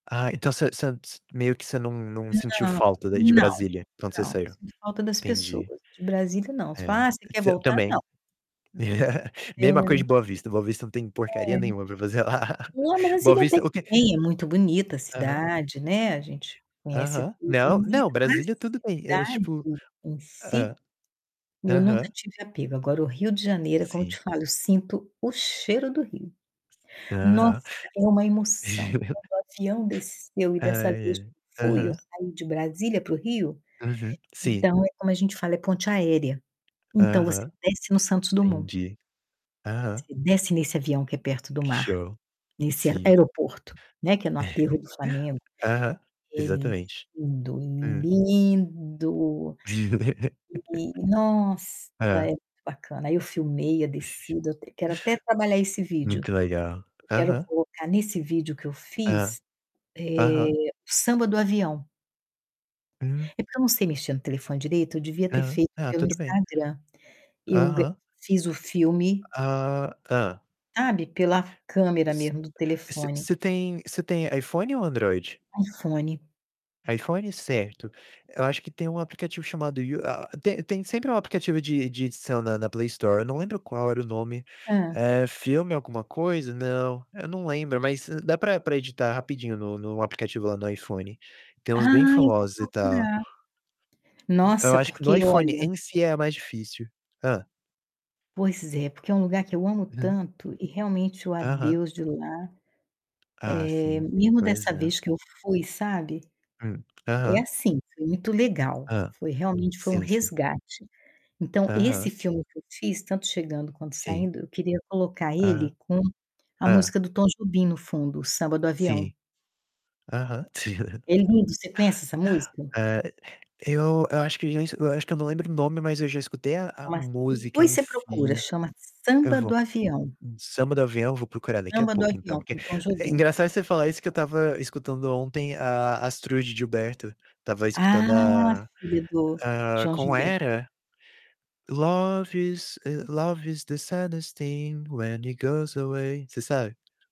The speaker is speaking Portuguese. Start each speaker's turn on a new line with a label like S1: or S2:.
S1: Ah, então você você você meio que você não não sentiu
S2: Não,
S1: falta daí de
S2: não,
S1: Brasília quando você
S2: não.
S1: saiu?
S2: Sinto falta das
S1: Entendi.
S2: pessoas, de Brasília, não. Se
S1: É,
S2: fala: "Ah, cê
S1: f
S2: quer
S1: s eu
S2: voltar?"
S1: também.
S2: Não.
S1: Mesma coisa
S2: É.
S1: de Boa Vista, Boa Vista não tem
S2: É.
S1: porcaria nenhuma pra fazer lá.
S2: Não,
S1: Boa
S2: Brasília até
S1: Vista o
S2: que
S1: que
S2: tem, é muito bonita a
S1: Aham.
S2: cidade, né, a gente conhece
S1: Aham.
S2: tudo,
S1: Não, não,
S2: mas
S1: Brasília tudo bem e,
S2: a
S1: mas
S2: cidade
S1: tipo
S2: em si,
S1: Hã,
S2: eu nunca
S1: aham.
S2: tive apego, agora, o Rio de Janeiro, é como eu te
S1: Sim.
S2: falo, sinto o cheiro do Rio. Nossa,
S1: Aham.
S2: é uma emoção, quando o avião desceu e
S1: Ah,
S2: dessa vez que
S1: é,
S2: eu fui, eu
S1: aham.
S2: saí de Brasília para o Rio,
S1: Uhum, sim.
S2: então, é como a gente fala, é ponte aérea. Então, você
S1: Aham,
S2: desce no Santos Dumont
S1: entendi. Aham.
S2: você desce nesse avião que é perto do mar
S1: Show.
S2: nesse ae
S1: Sim.
S2: aeroporto, né, que é no Aterro do Flamengo.
S1: Aham,
S2: É
S1: exatamente.
S2: lindo,
S1: Hum.
S2: lindo e nossa, é
S1: Hã.
S2: muito bacana, aí eu filmei a descida, eu até quero até trabalhar esse vídeo,
S1: Muito legal.
S2: eu quero
S1: Aham.
S2: colocar nesse vídeo que eu
S1: Hã,
S2: fiz, eh,
S1: aham.
S2: o Samba do Avião.
S1: Hum.
S2: É porque eu não sei mexer no telefone direito, eu devia ter
S1: Aham.
S2: feito
S1: Ah,
S2: pelo
S1: tudo bem.
S2: Instagram. Eu gra
S1: Aham.
S2: fiz o filme
S1: Ah, tá.
S2: sabe, pela câmera
S1: S
S2: mesmo do
S1: você
S2: telefone.
S1: você tem você tem iPhone ou Android?
S2: iPhone.
S1: iPhone, certo. Eu acho que tem um aplicativo chamado U a tem tem sempre um aplicativo de de edição na na Play Store, eu não lembro qual era o nome,
S2: Hã.
S1: é filme alguma coisa, não, eu não lembro, mas d dá pra pra editar rapidinho no no aplicativo lá no iPhone. Tem uns bem
S2: Ah, eu vou
S1: famosos e tal.
S2: procurar.
S1: Eu
S2: Nossa,
S1: acho que no
S2: porque
S1: iPhone
S2: olha
S1: em si é mais difícil. Hã.
S2: Pois é, porque é um lugar que eu amo
S1: Hum.
S2: tanto e realmente o
S1: Aham.
S2: adeus de lá,
S1: Ah,
S2: eh,
S1: sim,
S2: mesmo
S1: pois
S2: dessa
S1: é.
S2: vez que eu fui, sabe,
S1: Hum,
S2: é
S1: aham.
S2: assim, foi muito legal,
S1: Hã,
S2: foi realmente foi um
S1: sim, sim.
S2: resgate. Então, esse
S1: Aham.
S2: filme que eu fiz, tanto chegando quanto
S1: Sim.
S2: saindo, eu queria colocar ele
S1: Aham.
S2: com a
S1: Hã.
S2: música do Tom Jobim no fundo, o Samba do Avião.
S1: Sim. Aham.
S2: É lindo, você conhece essa música?
S1: É, eu eu acho que já es eu acho que eu não lembro o nome, mas eu já escutei a
S2: É
S1: a
S2: uma
S1: música
S2: depois
S1: em
S2: você procura,
S1: si.
S2: chama
S1: Eu
S2: Samba
S1: vou
S2: do Avião.
S1: samba do avião, vou procurar daqui a
S2: Samba do
S1: pouco, então,
S2: Avião,
S1: porque
S2: com Tom
S1: é
S2: Jobim.
S1: engraçado você falar isso, que eu estava escutando ontem a Astrud Gilberto, estava
S2: Ah,
S1: escutando a
S2: filho do
S1: a
S2: João
S1: como
S2: Gilberto.
S1: era? "Love is, love is the saddest thing, when it goes away", você sabe?